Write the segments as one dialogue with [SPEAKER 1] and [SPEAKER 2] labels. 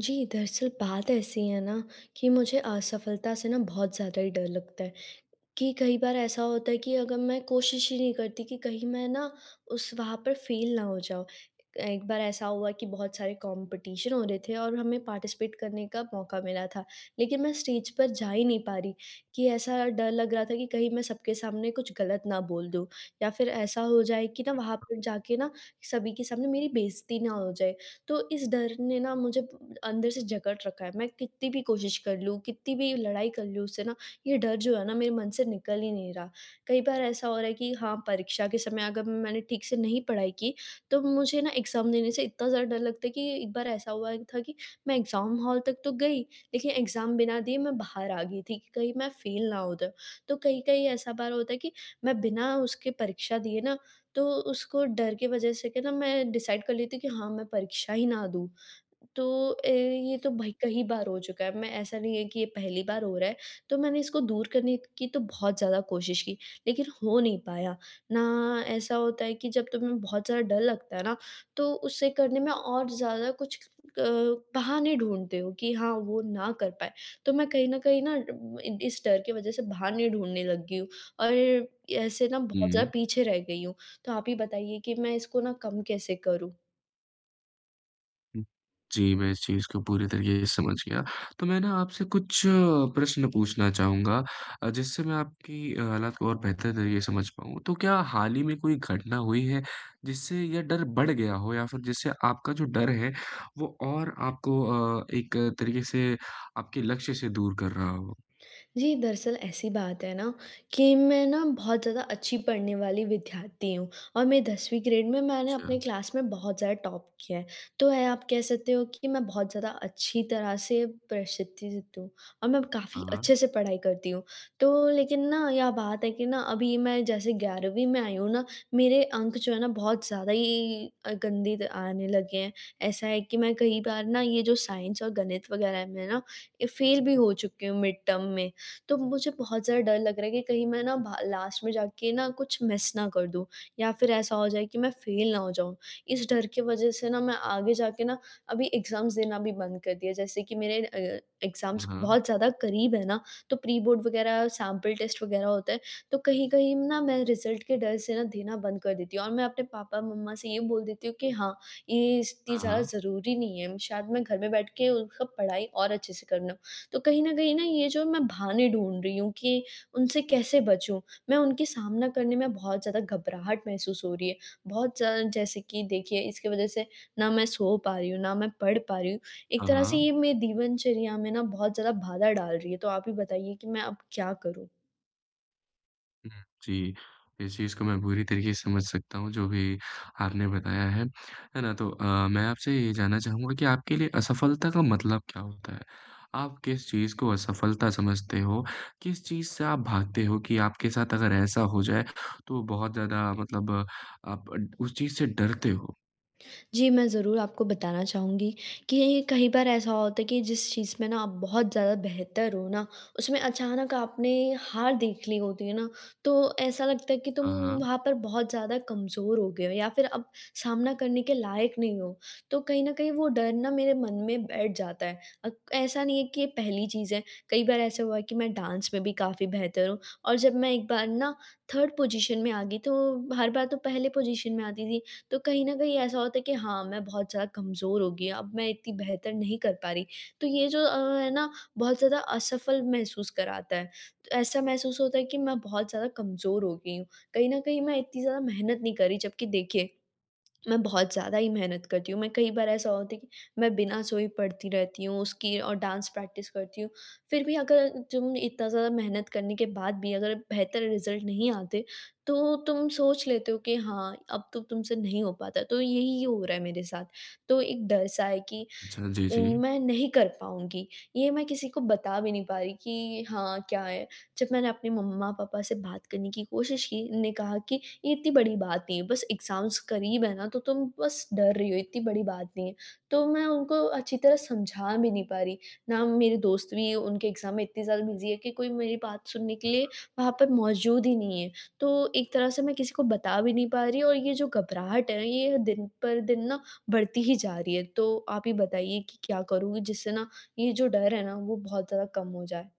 [SPEAKER 1] जी। दरअसल बात ऐसी है ना कि मुझे असफलता से ना बहुत ज़्यादा ही डर लगता है। कि कई बार ऐसा होता है कि अगर मैं कोशिश ही नहीं करती कि कहीं मैं ना उस वहाँ पर फेल ना हो जाऊँ। एक बार ऐसा हुआ कि बहुत सारे कॉम्पिटिशन हो रहे थे और हमें पार्टिसिपेट करने का मौका मिला था। लेकिन मैं स्टेज पर जा ही नहीं पा रही, कि ऐसा डर लग रहा था कि कहीं मैं सबके सामने कुछ गलत ना बोल दूँ या फिर ऐसा हो जाए कि ना वहाँ पे जा के ना सभी के सामने मेरी बेइज़्ज़ती ना हो जाए। तो इस डर ने ना मुझे अंदर से जकड़ रखा है। मैं कित्ती भी कोशिश कर लूँ, कित्ती भी लड़ाई कर लूँ उससे ना ये डर जो है ना मेरे मन से निकल ही नहीं रहा। कई बार ऐसा हो रहा है कि हाँ परीक्षा के समय अगर मैंने ठीक से नहीं पढ़ाई की तो मुझे ना एग्ज़ाम देने से इतना ज़्यादा डर लगता है कि एक बार ऐसा हुआ था कि मैं एग्ज़ाम हॉल तक तो गई लेकिन एग्ज़ाम बिना दिए मैं बाहर आ गई थी कि कहीं मैं फेल ना हो जाऊँ। तो कहीं-कहीं ऐसा बार होता है कि मैं बिना उसके परीक्षा दिए ना तो उसको डर की वज़ह से के ना मैं डिसाइड कर लेती कि हाँ मैं परीक्षा ही ना दूँ। तो ए, ये तो भई कई बार हो चुका है। मैं ऐसा नहीं है कि ये पहली बार हो रहा है। तो मैंने इसको दूर करने की तो बहुत ज़्यादा कोशिश की लेकिन हो नहीं पाया। ना ऐसा होता है कि जब तुम्हें बहुत ज़्यादा डर लगता है ना तो उसे करने में और ज़्यादा कुछ अ, बहाने ढूँढते हो कि हाँ वो ना कर पाएँ। तो मैं कहीं न कहीं ना इ इस डर की वज़ह से बहाने ढूँढने लग गई हूँ। और ऐसे ना बहुत
[SPEAKER 2] हुँ।
[SPEAKER 1] ज़्यादा पीछे रह गई हूँ। तो आप ही बताइए कि मैं इसको ना कम कैसे करूँ?
[SPEAKER 2] जी, मैं इस चीज़ को पूरी तरीके से समझ गया तो मैं ना आपसे कुछ प्रश्न पूछना चाहूँगा अ, जिससे मैं आपकी हालात को और बेहतर तरीके से समझ पाऊँ तो क्या हाल ही में कोई घटना हुई है जिससे यह डर बढ़ गया हो? या फिर जिससे आपका जो डर है वो और आपको अ, एक तरीके से आपके लक्ष्य से दूर कर रहा हो?
[SPEAKER 1] जी, दरअसल ऐसी बात है ना कि मैं ना बहुत ज़्यादा अच्छी पढ़ने वाली विद्यार्थी हूँ और मैं 10वीं ग्रेड में मैंने अपने
[SPEAKER 2] अच्छा।
[SPEAKER 1] क्लास में बहुत ज़्यादा टॉप किया है। तो यह आप कह सकते हो कि मैं बहुत ज़्यादा अच्छी तरह से प्रसिद्धित हूँ और मैं
[SPEAKER 2] हाँ,
[SPEAKER 1] काफ़ी
[SPEAKER 2] हाँ।
[SPEAKER 1] अच्छे से पढ़ाई करती हूँ, तो लेकिन ना यह बात है कि ना अभी मैं जैसे 11वीं में आई हूँ ना, मेरे अंक जो है ना बहुत ज़्यादा ही अ, गंदी त आने लगे हैं। ऐसा है कि मैं कई बार ना ये जो साइंस और गणित वगैरह में ना ये फेल भी हो चुकी हूँ मिड टर्म में। तो मुझे बहुत ज़्यादा डर लग रहा है कि कहीं मैं ना भा लास्ट में जाके ना कुछ मिस ना कर दूँ या फिर ऐसा हो जाए कि मैं फेल ना हो जाऊँ। इस डर के वज़ह से ना मैं आगे जा के ना अभी एग्जाम देना भी बंद कर दिया। जैसे कि मेरे अ,
[SPEAKER 2] हाँ,
[SPEAKER 1] एग्जाम्स
[SPEAKER 2] हाँ।
[SPEAKER 1] बहुत ज़्यादा करीब है ना तो प्रीबोर्ड वगैरह सैंपल टेस्ट वग़ैरह होता है तो कहीं-कहीं ना मैं रिजल्ट के डर से ना देना बंद कर देती हूँ। और मैं अपने पापा-मम्मा से ये बोल देती हूँ कि हाँ, ये इतनी
[SPEAKER 2] हाँ,
[SPEAKER 1] ज़्यादा
[SPEAKER 2] हाँ।
[SPEAKER 1] ज़रूरी नहीं है शायद मैं घर में बैठ के उनका पढ़ाई और अच्छे से कर लूँ। तो कहीं न कहीं ना ये जो मैं बहाने ढूँढ़ रही हूँ कि उनसे कैसे बचूँ, मैं उनकी सामना करने में बहुत ज़्यादा घबराहट महसूस हो रही है। बहुत ज़्यादा जैसे कि देखिए इसके वज़ह से ना मैं सो पा रही हूँ, ना मैं पढ़ पा रही हूँ। एक
[SPEAKER 2] हाँ,
[SPEAKER 1] तरह से
[SPEAKER 2] हाँ।
[SPEAKER 1] ये मेरे दिनचर्या में ना बहुत ज़्यादा बाधा डाल रही है। तो आप ही बताइए कि मैं अब क्या करूँ?
[SPEAKER 2] हुँ, जी। इस चीज़ को मैं पूरी तरीके से समझ सकता हूँ जो भी आपने बताया है। है ना? तो अ, मैं आपसे ये जानना चाहूँगा कि आपके लिए असफलता का मतलब क्या होता है? आप किस चीज़ को असफलता समझते हो? किस चीज़ से आप भागते हो कि आपके साथ अगर ऐसा हो जाए, तो बहुत ज़्यादा मतलब आप ड उस चीज़ से डरते हो?
[SPEAKER 1] जी, मैं ज़रूर आपको बताना चाहूँगी, कि कहीं बार ऐसा होता है कि जिस चीज़ में ना आप बहुत ज़्यादा बेहतर हो ना, उसमें अचानक आपने हार देख ली होती है ना, तो ऐसा लगता है कि तुम
[SPEAKER 2] हाँ, हाँ।
[SPEAKER 1] वहाँ पर बहुत ज़्यादा कमज़ोर हो गए हो या फिर अब सामना करने के लायक नहीं हो। तो कहीं न कहीं वो डर ना मेरे मन में बैठ जाता है। अ, ऐसा नहीं है कि ये पहली चीज़ है, कई बार ऐसा हुआ है कि मैं डांस में भी काफ़ी बेहतर हूँ और जब मैं एक बार ना 3rd पोजीशन में आ गई, तो हर बार तो पहले पोजीशन में आती थी, तो कहीं न कहीं ऐसा होता है कि हाँ, मैं बहुत ज़्यादा कमज़ोर हो गई हूँ। अब मैं इतनी बेहतर नहीं कर पा रही, तो ये जो अ, है ना बहुत ज़्यादा असफल महसूस कराता है। ऐसा महसूस होता है कि मैं बहुत ज़्यादा कमज़ोर हो गई हूँ, कहीं न कहीं मैं इतनी ज़्यादा मेहनत नहीं कर रही, जबकि देखिए, मैं बहुत ज़्यादा ही मेहनत करती हूँ। मैं कई बार ऐसा होता है कि मैं बिना सोए पढ़ती रहती हूँ उसकी और डांस प्रैक्टिस करती हूँ। फिर भी अगर तुम इतना ज़्यादा मेहनत करने के बाद भी अगर बेहतर रिज़ल्ट नहीं आते, तो तुम सोच लेते हो कि हाँ, अब तो तुमसे नहीं हो पाता, तो यही हो रहा है मेरे साथ। तो एक डर सा है कि
[SPEAKER 2] अच्छा, जी,
[SPEAKER 1] उम,
[SPEAKER 2] जी।
[SPEAKER 1] मैं नहीं कर पाऊँगी, ये मैं किसी को बता भी नहीं पा रही कि हाँ, क्या है? जब मैंने अपने मम्मा-पापा से बात करने की कोशिश की, उन्ने कहा कि, "ये इतनी बड़ी बात नहीं है, बस एग्ज़ाम्स क़रीब है ना, तो तुम बस डर रही हो, इतनी बड़ी बात नहीं है।" तो मैं उनको अच्छी तरह समझा भी नहीं पा रही। ना वो मेरे दोस्त भी उनके एग्ज़ाम में इतनी ज़्यादा बिज़ी है कि कोई मेरी बात सुनने के
[SPEAKER 2] हाँ,
[SPEAKER 1] लिए
[SPEAKER 2] हाँ।
[SPEAKER 1] वहाँ पर मौजूद ही नहीं है। तो एक तरह से मैं किसी को बता भी नहीं पा रही और ये जो घबराहट है, ये दिन पर दिन ना बढ़ती ही जा रही है, तो आप ही बताइए कि क्या करूँ जिससे ना ये जो डर है ना, वो बहुत ज़्यादा कम हो जाए?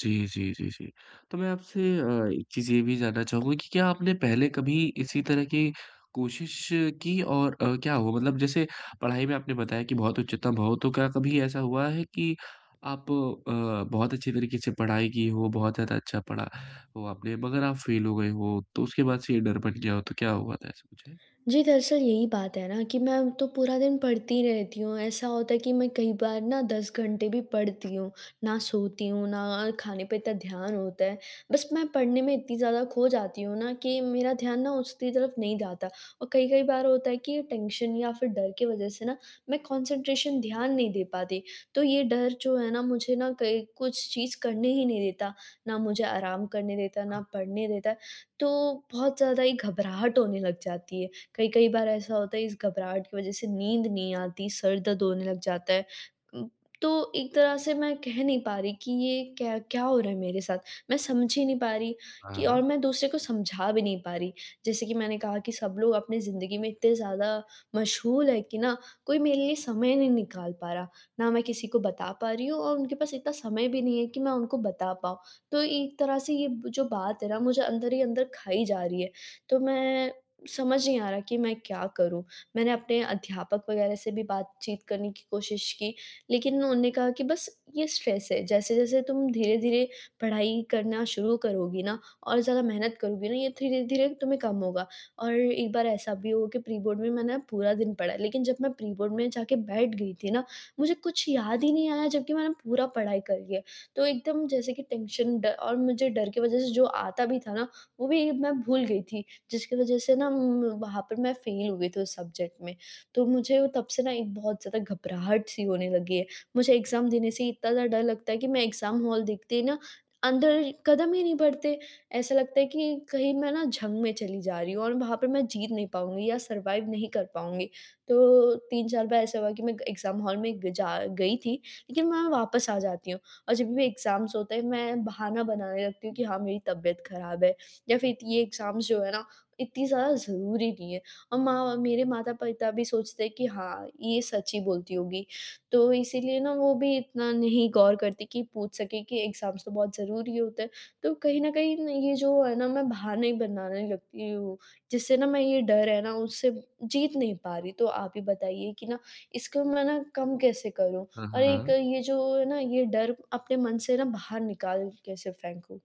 [SPEAKER 2] जी, जी, जी, जी, तो मैं आपसे अ, एक चीज़ ये भी जानना चाहूँगा कि क्या आपने पहले कभी इसी तरह की कोशिश की और अ, क्या हुआ? मतलब जैसे पढ़ाई में आपने बताया कि बहुत उच्चतम हो, तो क्या कभी ऐसा हुआ है कि आप अ, बहुत अच्छी तरीक़े से पढ़ाई की हो, बहुत ज़्यादा अच्छा पढ़ा हो आपने, मगर आप फ़ेल हो गए हो तो उसके बाद से ये डर बन गया हो तो क्या हुआ था? ऐसा कुछ है?
[SPEAKER 1] जी, दरअसल यही बात है ना कि मैं तो पूरा दिन पढ़ती रहती हूँ, ऐसा होता है कि मैं कई बार ना 10 घंटे भी पढ़ती हूँ। ना सोती हूँ, ना अ, खाने पे इतना ध्यान होता है। बस मैं पढ़ने में इतनी ज़्यादा खो जाती हूँ ना कि मेरा ध्यान ना उसकी तरफ़ नहीं जाता। और कई-कई बार होता है कि टेंशन या फिर डर की वजह से ना मैं कंसंट्रेशन ध्यान नहीं दे पाती तो ये डर जो है ना मुझे ना कहीं कुछ चीज़ करने ही नहीं देता, ना मुझे आराम करने देता है, ना पढ़ने देता है तो बहुत ज़्यादा ही घबराहट होने लग जाती है। कई-कई बार ऐसा होता है इस घबराहट की वजह से नींद नहीं आती, सर दर्द होने लग जाता है। उम, तो एक तरह से मैं कह नहीं पा रही कि ये क्या क्या हो रहा है मेरे साथ? मैं समझ ही नहीं पा रही
[SPEAKER 2] हाँ,
[SPEAKER 1] कि और
[SPEAKER 2] हाँ।
[SPEAKER 1] मैं दूसरे को समझा भी नहीं पा रही जैसे कि मैंने कहा कि सब लोग अपनी ज़िन्दगी में इतने ज़्यादा मशग़ूल हैं कि ना कोई मेरे लिए समय ही नहीं निकाल पा रहा। ना मैं किसी को बता पा रही हूँ और उनके पास इतना समय भी नहीं है कि मैं उनको बता पाऊँ तो एक तरह से ये जो बात है ना मुझे अंदर ही अंदर खाई जा रही है। तो मैं समझ नहीं आ रहा कि मैं क्या करूँ? मैंने अपने अध्यापक वग़ैरह से भी बातचीत करने की कोशिश की, लेकिन उन्होंने कहा कि बस ये स्ट्रेस है, जैसे-जैसे तुम धीरे-धीरे पढ़ाई करना शुरू करोगी ना और ज़्यादा मेहनत करोगी ना ये धीरे-धीरे तुम्हें कम होगा और एक बार ऐसा भी हुआ कि प्री-बोर्ड में मैंने पूरा दिन पढ़ा है, लेकिन जब मैं प्री-बोर्ड में जाके बैठ गई थी ना मुझे कुछ याद ही नहीं आया जबकि मैंने पूरा पढ़ाई कर लिया है। तो एकदम जैसे कि टेंशन ड और मुझे डर की वजह से जो आता भी था ना, वो भी मैं भूल गई थी जिसकी वजह से ना उम, वहाँ पर मैं फ़ेल हो गई थी उस सब्जेक्ट में। तो मुझे तब से ना एक बहुत ज़्यादा घबराहट-सी होने लगी है। मुझे एग्जाम देने से ही इतना ज़्यादा डर लगता है कि मैं एग्जाम हॉल देखते ही ना अंदर क़दम ही नहीं बढ़ते। ऐसा लगता है कि कहीं मैं ना जंग में चली जा रही हूँ और वहाँ पे मैं जीत नहीं पाऊँगी या सरवाइव नहीं कर पाऊँगी। तो 3-4 बार ऐसा हुआ कि मैं ग एग्जाम हॉल में गई जा गई थी लेकिन मैं वापस आ जाती हूँ और जब भी मेरे एग्जाम्स होते हैं मैं बहाना बनाने लगती हूँ कि हाँ, मेरी तबियत ख़राब है या फिर ये एग्जाम्स जो है ना इतनी ज़्यादा ज़रूरी नहीं है और माँ मेरे माता-पिता भी सोचते हैं कि हाँ, ये सच ही बोलती होगी। तो इसीलिए ना वो भी इतना नहीं गौर करती कि पूछ सकें कि एग्जाम्स तो बहुत ज़रूरी होते हैं। तो कहीं ना कहीं ना ये जो है ना मैं बहाने ही बनाने लगती हूँ, जिससे ना मैं ये डर है ना उससे जीत नहीं पा रही, तो आप ही बताइए कि ना इसको मैं ना कम कैसे करूँ?
[SPEAKER 2] हाँ,
[SPEAKER 1] और एक
[SPEAKER 2] हाँ।
[SPEAKER 1] ये जो है ना ये डर अपने मन से ना बाहर निकाल कैसे फेंकूँ?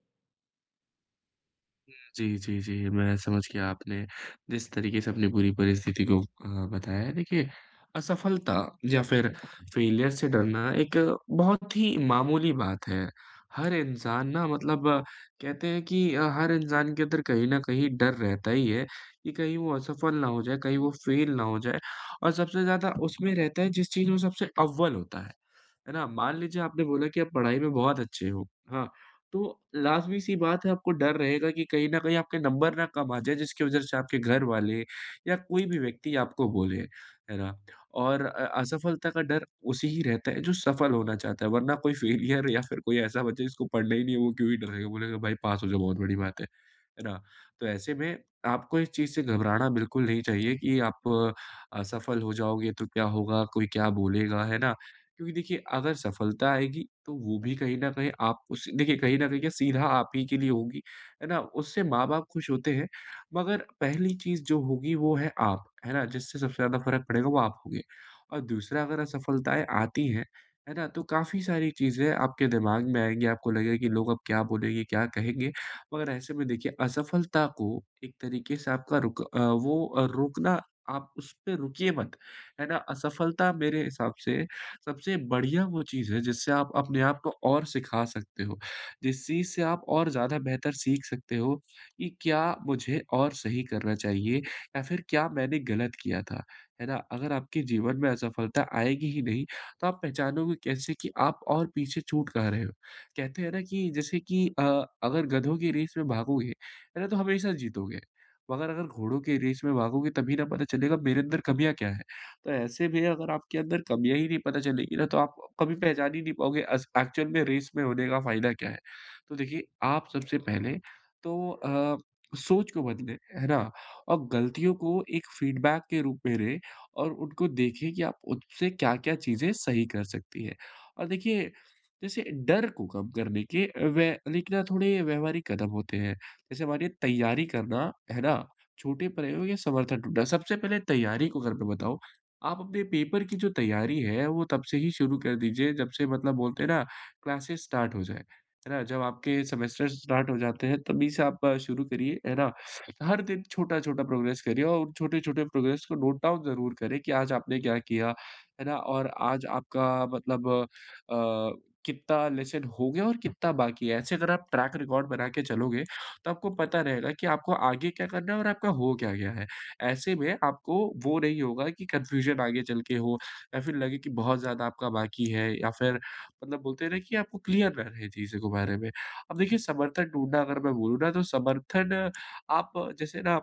[SPEAKER 2] हुँ, जी, जी, जी मैं समझ गया आपने जिस तरीक़े से अपनी पूरी परिस्थिति को अ, बताया है। देखिए, असफलता या फिर फ़ेलियर से डरना एक बहुत ही मामूली बात है, हर इंसान ना मतलब कहते हैं कि अ, हर इंसान के अंदर कहीं न कहीं डर रहता ही है, कि कहीं वो असफल ना हो जाए, कहीं वो फेल ना हो जाए और सबसे ज़्यादा उसमें रहता है जिस चीज़ में सबसे अव्वल होता है, है ना? मान लीजिए, आपने बोला कि आप पढ़ाई में बहुत अच्छे हो, हाँ। तो लाज़मी-सी बात है आपको डर रहेगा कि कहीं न कहीं आपके नंबर ना कम आ जाए जिसकी वजह से आपके घरवाले या कोई भी व्यक्ति आपको बोले, है ना? और अ असफलता का डर उसे ही रहता है जो सफल होना चाहता है, वरना कोई फ़ेलियर या फिर कोई ऐसा बच्चा जिसको पढ़ना ही नहीं है वो क्यों ही डरेगा। बोलेगा भाई पास हो जाओ बहुत बड़ी बात है। है ना? तो ऐसे में आपको इस चीज़ से घबराना बिल्कुल नहीं चाहिए कि आप असफल हो जाओगे तो क्या होगा? कोई क्या बोलेगा, है ना? क्योंकि देखिए, अगर सफलता आएगी तो वो भी कहीं न कहीं आप उसे देखिए, कहीं न कहीं क्या, सीधा आप ही के लिए होगी, है ना? उससे माँ बाप खुश होते हैं, मगर पहली चीज़ जो होगी वो है आप, है ना? जिससे सबसे ज़्यादा फ़र्क पड़ेगा वो आप होंगे। और दूसरा अगर असफलताएँ आती हैं, है ना? तो काफ़ी सारी चीज़ें आपके दिमाग में आएँगी, आपको लगेगा कि लोग अब क्या बोलेंगे, क्या कहेंगे? मगर ऐसे में देखिए असफलता को एक तरीक़े से आपका रुक अ, वो अ, रोकना आप उसपे रुकिए मत, है ना, असफलता मेरे हिसाब से सबसे बढ़िया वो चीज़ है जिससे आप अपने आप को और सिखा सकते हो, जिस चीज़ से आप और ज़्यादा बेहतर सीख सकते हो, कि क्या मुझे और सही करना चाहिए या फिर क्या मैंने गलत किया था, है ना? अगर आपके जीवन में असफलता आएगी ही नहीं, तो आप पहचानोगे कैसे कि आप और पीछे छूट कहाँ रहे हो? कहते हैं ना कि जैसे कि अ, अगर गधों की रेस में भागोगे, है ना, तो हमेशा जीतोगे, मगर अगर घोड़ों की रेस में भागोगे तभी ना पता चलेगा मेरे अंदर कमियाँ क्या है? तो ऐसे में अगर आपके अंदर कमियाँ ही नहीं पता चलेंगी ना, तो आप अ, कभी पहचान ही नहीं पाओगे अस एक्चुअल में रेस में होने का फ़ायदा क्या है? तो देखिए, आप सबसे पहले तो अ, सोच को बदलें, है ना? और गलतियों को एक फीडबैक के रूप में रे और उनको देखें कि आप उससे क्या-क्या चीज़ें सही कर सकती हैं। और देखिए, जैसे डर को कम करने के व लेकिन ना थोड़े व्यवहारिक कदम होते हैं, जैसे हमारे तैयारी करना, है ना? छोटे प्रयोग या समर्थन ढूँढना। सबसे पहले तैयारी को अगर मैं बताऊँ, आप अपने पेपर की जो तैयारी है वो तब से ही शुरू कर दीजिए, जब से मतलब बोलते हैं ना क्लासेज़ स्टार्ट हो जाए। है ना? जब आपके सेमेस्टर्स स्टार्ट हो जाते हैं, तभी से आप शुरू करिए, है ना? हर दिन छोटा-छोटा प्रोग्रेस करिए और उन छोटे-छोटे प्रोग्रेस को नोट डाउन ज़रूर करें, कि आज आपने क्या किया, है ना? और आज आपका मतलब अ, कितना लेसन हो गया और कितना बाकी है? ऐसे अगर आप ट्रैक रिकॉर्ड बना के चलोगे, तो आपको पता रहेगा कि आपको आगे क्या करना है और आपका हो क्या गया है। ऐसे में आपको वो नहीं होगा कि कन्फ्यूज़न आगे चल के हो या फिर लगे की बहुत ज़्यादा आपका बाकी है या फिर मतलब बोलते हैं ना कि आपको क्लियर रह रहें चीज़ों के बारे में। अब देखिए, समर्थन ढूँढना अगर मैं बोलूँ ना तो समर्थन आप जैसे ना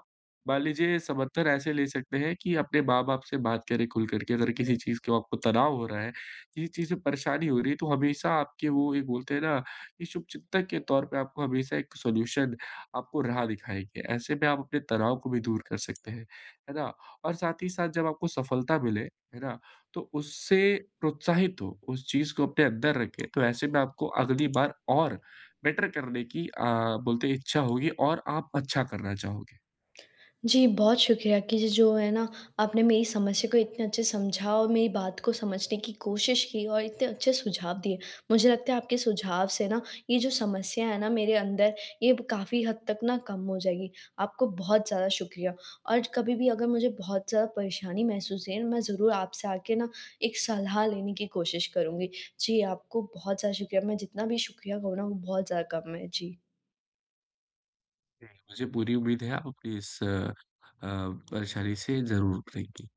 [SPEAKER 2] मान लीजिए समर्थन ऐसे ले सकते हैं कि अपने माँ-बाप से बात करें खुल कर के अगर किसी चीज़ को आपको तनाव हो रहा है, किसी चीज़ से परेशानी हो रही है तो हमेशा आपके वो ये बोलते हैं ना, कि शुभचिंतक के तौर पे आपको हमेशा एक सॉल्यूशन आपको राह दिखाएँगे। ऐसे में आप अपने तनाव को भी दूर कर सकते हैं। है ना? और साथ ही साथ जब आपको सफलता मिले, है ना? तो उससे प्रोत्साहित हों, उस चीज़ को अपने अंदर रखें, तो ऐसे में आपको अगली बार और बेटर करने की अ, बोलते हैं इच्छा होगी और आप अच्छा करना चाहोगे।
[SPEAKER 1] जी, बहुत शुक्रिया कि ज जो है ना, आपने मेरी समस्या को इतने अच्छे से समझा और मेरी बात को समझने की कोशिश की और इतने अच्छे सुझाव दिए। मुझे लगता है आपके सुझाव से ना, ये जो समस्या है ना मेरे अंदर ये ब काफ़ी हद तक ना कम हो जाएगी, आपको बहुत ज़्यादा शुक्रिया। और ज कभी भी अगर मुझे बहुत ज़्यादा परेशानी महसूस है, मैं ज़रूर आपसे आके ना एक सलाह लेने की कोशिश करूँगी, जी आपको बहुत ज़्यादा शुक्रिया, मैं जितना भी शुक्रिया कहूँ ना वो बहुत ज़्यादा कम है। जी।
[SPEAKER 2] जी। मुझे पूरी उम्मीद है आप अपनी इस अ, परेशानी से ज़रूर उभरेंगी।